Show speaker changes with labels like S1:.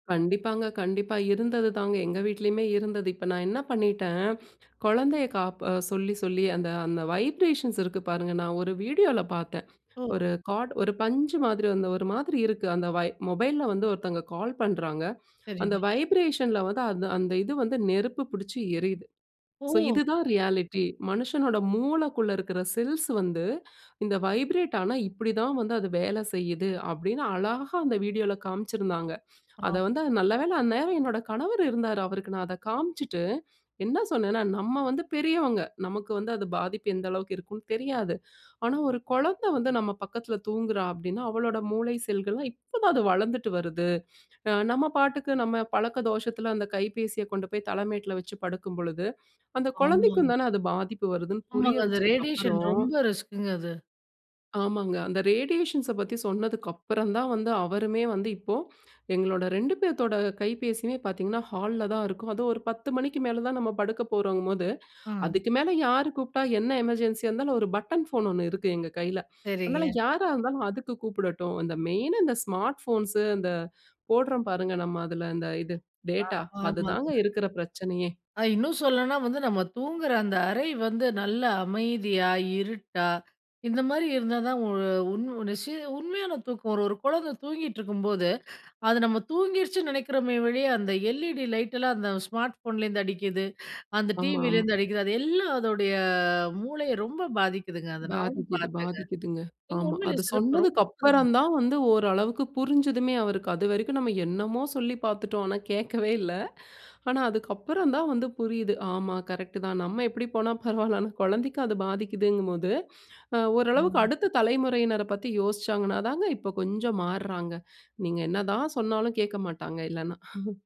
S1: கண்டிப்பாங்க, கண்டிப்பா. இருந்தது தாங்க எங்க வீட்லயுமே இருந்தது, இப்ப நான் என்ன பண்ணிட்டேன் குழந்தைய காப் சொல்லி, சொல்லி அந்த அந்த வைப்ரேஷன்ஸ் இருக்கு பாருங்க, நான் ஒரு வீடியோல பாத்தேன்,
S2: ஓ!
S1: ஒரு கார்ட், ஒரு பஞ்சு மாதிரி வந்து ஒரு மாதிரி இருக்கு, அந்த மொபைலில வந்து ஒருத்தவங்க கால் பண்ணுறாங்க, அந்த
S2: சரிங்க.
S1: வைப்ரேஷனில வந்து அந்த அந்த இது வந்து நெருப்பு பிடிச்சு எரியுது. ஸோ,
S2: ஓ!
S1: இதுதான் ரியாலிட்டி மனுஷனோட மூளக்குள்ள இருக்கிற செல்ஸ் வந்து இந்த வைப்ரேட் ஆனா, இப்படி தான் வந்து அது வேல செய்யுது அப்படினு அழகா அந்த வீடியோல காம்சிருந்தாங்க. அத
S2: ஆமா.
S1: வந்து நல்லவேளை அந்நேரம் என்னோட கணவர் இருந்தாரு, அவருக்கு நான் அதை காம்சிட்டு, என்ன சொன்னேன்னா, "நம்ம வந்து பெரியவங்க, நமக்கு வந்து அது பாதிப்பு எந்த அளவுக்கு இருக்குனு தெரியாது. ஆனா, ஒரு குழந்தை வந்து நம் பக்கத்தில தூங்குகிறாள் அப்படினா, அவளோட மூளை செல்கள் எல்லாம் இப்போ தான் அது வளர்ந்துட்டு வருது. அ நம்ம பாட்டுக்கு நம்ம பழக்க தோஷத்தில அந்த கைபேசியை கொண்டு போய் தலைமேட்டில வச்சு படுக்கும் பொழுது, அந்த
S2: ஆமா.
S1: குழந்தைக்கும் தானே அது பாதிப்பு வருதுன்னு" புரிய
S2: ஆமாங்க. அந்த
S1: வச்சதுக்கு
S2: ரேடியேஷன்
S1: அப்புறம்,
S2: ரொம்ப ரிஸ்க்ங்க அது.
S1: ஆமாங்க. அந்த ரேடியேஷன்ஸ பத்தி சொன்னதுக்கப்பறம், தான் வந்து அவருமே வந்து இப்போ, எங்களோட 2 பேத்தோட கைபேசியுமே பாத்தீங்கன்னா, ஹால்ல தான் இருக்கும். அதுவும் ஒரு 10 மணிக்கு மேல தான் நம்ம படுக்க போறங்கும்போது,
S2: ஆ.
S1: அதுக்கு மேல யார் கூப்பிட்டா என்ன எமர்ஜென்சியா இருந்தாலும், ஒரு பட்டன் ஃபோன் ஒண்ணு இருக்கு எங்க கையில, அதனால
S2: சரிங்க.
S1: யாரா இருந்தாலும் அதுக்கு கூப்பிடட்டும். அந்த மெயினா இந்த ஸ்மார்ட் போன்ஸ், அந்த போடுறோம் பாருங்க நம்ம அதில அந்த இது
S2: அ
S1: டேட்டா,
S2: ஆமாங்க.
S1: அதுதாங்க இருக்கிற பிரச்சனையே.
S2: அ இன்னும் சொல்லணுனா, வந்து நம்ம தூங்கிற அந்த அறை வந்து நல்ல அமைதியா, இருட்டா இந்த மாரி இருந்தா தான் உண் உ நசி உண்மையான தூக்கம் ஒரு ஒரு குழந்த தூங்கிட்டுருக்கும்போது, அது நம்ம தூங்கிடுச்சுன்னு நினைக்கிறோமே ஒழிய அந்த LED லைட்லாம் அந்த ஸ்மார்ட் ஃபோன்லேருந்து அடிக்கிது, அந்த
S1: ஆமா, ஆமா.
S2: TVலேருந்து அடிக்குது, அது எல்லாம் அதோடைய மூளைய ரொம்ப பாதிக்குதுங்க, அதை நானும்
S1: பாதிக்கிது,
S2: பார்த்தேங்க.
S1: பாதிக்கிதுங்க, ஆமா.
S2: உண்மையிலே
S1: அது
S2: சிறப்ப ரொம்ப
S1: சொன்னதுக்கு அப்புறம்
S2: [unintelligible]
S1: தான் வந்து ஓரளவிற்கு புரிஞ்சுதுமே அவருக்கு அதுவரைக்கும் நாம் என்னமோ சொல்லி பாத்துட்டோம், ஆனா கேட்கவே இல்ல. ஆனா, அதுக்கு அப்புறம் தான் வந்து புரியுது. ஆமா, கரெக்ட் தான். நம்ம எப்படி போனா பரவால்ல. ஆனா, குழந்தைக்கு அது பாதிக்கிதுகும்போது, அ ஓரளவுக்கு
S2: [unintelligible]
S1: அடுத்த தலைமுறையினரை பத்தி யோசிச்சாங்கனாதானங்க இப்ப கொஞ்சம் மாறுறாங்க. நீங்க என்ன தான் சொன்னாலும் கேட்க மாட்டாங்க இல்லனா.